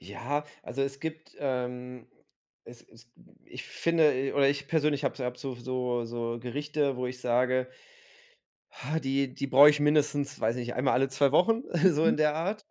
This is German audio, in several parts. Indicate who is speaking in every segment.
Speaker 1: Ja, also es gibt, ähm, es es ich finde e oder ich persönlich habe habe so so so Gerichte, wo ich sage: „Ha, die die brauche ich mindestens, weiß ich nicht, einmal alle 2 Wochen“, so
Speaker 2: Mhm.
Speaker 1: in der Art.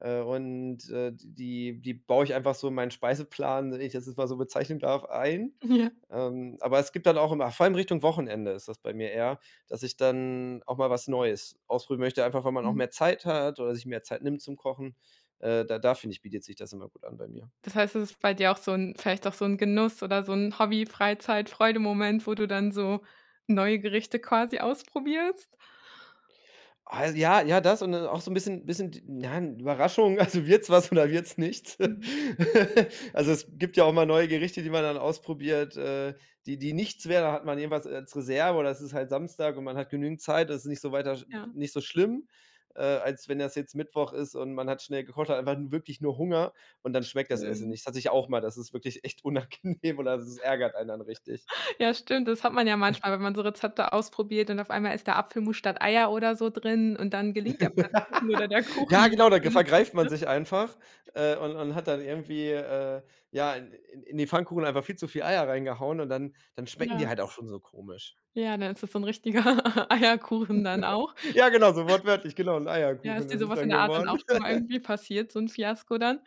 Speaker 1: Äh, und, äh, d die die baue ich einfach so in meinen Speiseplan- wenn ich das jetzt mal so bezeichnen darf- ein.
Speaker 2: Ja
Speaker 1: Ähm, aber es gibt dann auch immer vor allem Richtung Wochenende ist das bei mir eher, dass ich dann auch mal was Neues ausprobieren möchte, einfach weil man auch
Speaker 2: Mhm.
Speaker 1: mehr Zeit hat oder sich mehr Zeit nimmt zum Kochen. Äh, da da finde ich, bietet sich das immer gut an bei mir.
Speaker 2: Das heißt, es ist bei dir auch so 'n vielleicht auch so 'n Genuss oder so 'n Hobby-Freizeit-Freude-Moment, wo du dann so neue Gerichte quasi ausprobierst?
Speaker 1: Oh, ja, ja, das und dann auch so 'n bisschen bisschen, d nein, Überraschung, also wird's was oder wird's nichts?
Speaker 2: Mhm.
Speaker 1: Also, es gibt ja auch mal neue Gerichte, die man dann ausprobiert, äh, die die nichts werden, da hat man jedenfalls als Reserve oder es ist halt Samstag und man hat genügend Zeit, das ist nicht so weiter n n
Speaker 2: Ja.
Speaker 1: nicht so schlimm, äh, als wenn das jetzt Mittwoch ist und man hat schnell gekocht, hat einfach 'n wirklich nur Hunger und dann schmeckt das Essen
Speaker 2: Stimmt.
Speaker 1: nicht. Das hatte ich auch mal, das ist wirklich echt unangenehm oder das ärgert einen dann richtig.
Speaker 2: Ja, stimmt. Das hat man ja
Speaker 1: Äh
Speaker 2: manchmal, wenn man so Rezepte ausprobiert und auf einmal ist da Apfelmus statt Eier oder so drin und dann gelingt der Pfannkuchen oder der
Speaker 1: Ja,
Speaker 2: Kuchen
Speaker 1: genau, da ge
Speaker 2: natürlich nicht,
Speaker 1: vergreift man
Speaker 2: ne?
Speaker 1: sich einfach, äh, und und hat dann irgendwie, äh, ja, in in in die Pfannkuchen einfach viel zu viel Eier reingehauen und dann dann schmecken
Speaker 2: Ja.
Speaker 1: die halt auch schon so komisch.
Speaker 2: Ja, dann ist das so ein richtiger Eierkuchen dann auch.
Speaker 1: Ja, genau, so wortwörtlich, genau, 'n
Speaker 2: Ja, ist
Speaker 1: Eierkuchen
Speaker 2: dir
Speaker 1: ist es
Speaker 2: sowas in
Speaker 1: dann
Speaker 2: der Art dann auch
Speaker 1: geworden.
Speaker 2: schon mal irgendwie passiert, so 'n Fiasko dann?